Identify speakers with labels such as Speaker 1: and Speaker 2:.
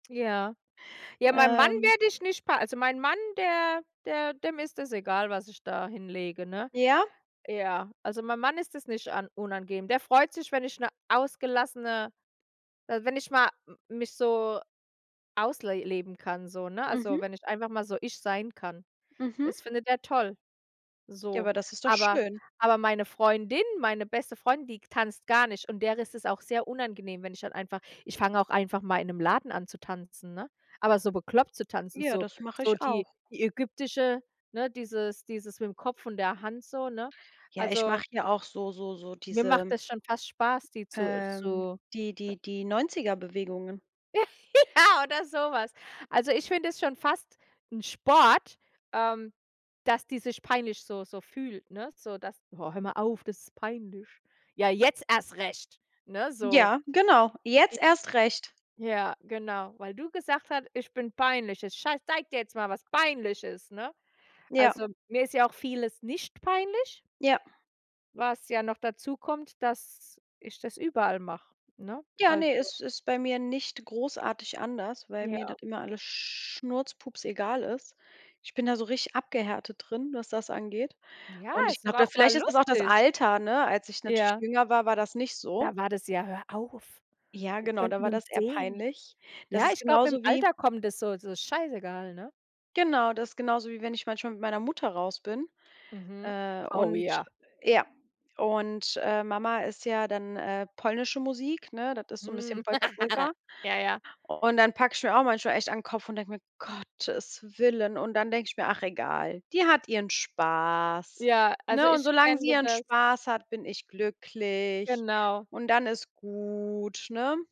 Speaker 1: Ja. Ja, mein Mann
Speaker 2: Ähm
Speaker 1: werde ich nicht pa also mein Mann, der der dem ist es egal, was ich da hinlege, ne?
Speaker 2: Ja.
Speaker 1: Ja, also mein Mann ist das nicht an unangenehm. Der freut sich, wenn ich 'ne ausgelassene äh, wenn ich mal m mich so ausle leben kann so, ne, also
Speaker 2: Mhm.
Speaker 1: wenn ich einfach mal so ich sein kann.
Speaker 2: Mhm.
Speaker 1: Das findet er toll,
Speaker 2: Ja,
Speaker 1: so.
Speaker 2: aber das ist doch
Speaker 1: Aber
Speaker 2: schön.
Speaker 1: aber meine Freundin, meine beste Freundin, die tanzt gar nicht und der ist es auch sehr unangenehm, wenn ich dann einfach ich fange auch einfach mal in 'nem Laden an zu tanzen, ne? Aber so bekloppt zu tanzen,
Speaker 2: Ja,
Speaker 1: so
Speaker 2: das mache
Speaker 1: so
Speaker 2: ich
Speaker 1: die
Speaker 2: auch.
Speaker 1: die ägyptische ne, dieses dieses mit'm Kopf und der Hand so, ne?
Speaker 2: Ja, ich
Speaker 1: Also
Speaker 2: mache ja auch so so so
Speaker 1: Mir macht
Speaker 2: diese
Speaker 1: das schon fast Spaß, die zu
Speaker 2: ähm,
Speaker 1: zu sch
Speaker 2: die
Speaker 1: äh
Speaker 2: die die 90er- Bewegungen.
Speaker 1: Ja oder so was. Also ich finde es schon fast 'n Sport, ähm, dass die sich peinlich so so fühlt, ne, so dass: „Oh, hör mal auf, das ist peinlich.“ Ja, jetzt erst recht, ne, so.
Speaker 2: Ja, genau, jetzt
Speaker 1: J
Speaker 2: erst recht.
Speaker 1: Ja, genau, „weil du gesagt hat, ich bin peinlich.“ „Ich schei zeig dir jetzt mal, was peinlich ist“, ne?
Speaker 2: Ja.
Speaker 1: Also mir ist ja auch vieles nicht peinlich.
Speaker 2: Ja.
Speaker 1: Was ja noch dazukommt, dass ich das überall mache, ne?
Speaker 2: Ja, ne,
Speaker 1: Also
Speaker 2: ist ist bei mir nicht großartig anders, weil mir das
Speaker 1: Ja.
Speaker 2: immer alles schnurz-pups-egal ist. Ich bin da so richtig abgehärtet drin, was das angeht
Speaker 1: Ja,
Speaker 2: und ich
Speaker 1: ist doch
Speaker 2: glaube, da
Speaker 1: auch mal
Speaker 2: vielleicht ist es auch das
Speaker 1: lustig.
Speaker 2: Alter, ne, als ich natürlich
Speaker 1: Ja.
Speaker 2: jünger war, war das nicht so.
Speaker 1: Da war das: „Ja, hör auf.
Speaker 2: Ja,
Speaker 1: Die
Speaker 2: genau, da
Speaker 1: könnten
Speaker 2: war
Speaker 1: uns
Speaker 2: das eher
Speaker 1: sehen.“
Speaker 2: peinlich. Das
Speaker 1: Ja,
Speaker 2: ist
Speaker 1: ich glaube, mit'm
Speaker 2: genauso wie
Speaker 1: Alter kommt das so so scheißegal, ne?
Speaker 2: Genau, das ist genauso, wie wenn ich manchmal mit meiner Mutter raus bin,
Speaker 1: Mhm.
Speaker 2: äh,
Speaker 1: Oh
Speaker 2: und
Speaker 1: ja.
Speaker 2: ja, und, äh, Mama ist ja dann, äh, polnische Musik, ne? Das ist so 'n bisschen
Speaker 1: Mhm.
Speaker 2: Polka Polka.
Speaker 1: Ja, ja.
Speaker 2: Und dann packe ich mir auch manchmal echt an 'n Kopf und denke mir: „Gottes Willen.“ Und dann denke ich mir: „Ach egal, die hat ihren Spaß",
Speaker 1: Ja, also
Speaker 2: ne, und
Speaker 1: ich
Speaker 2: solange
Speaker 1: kenne
Speaker 2: sie ihren
Speaker 1: das.
Speaker 2: Spaß hat, bin ich glücklich
Speaker 1: Genau.
Speaker 2: und dann ist gut, ne?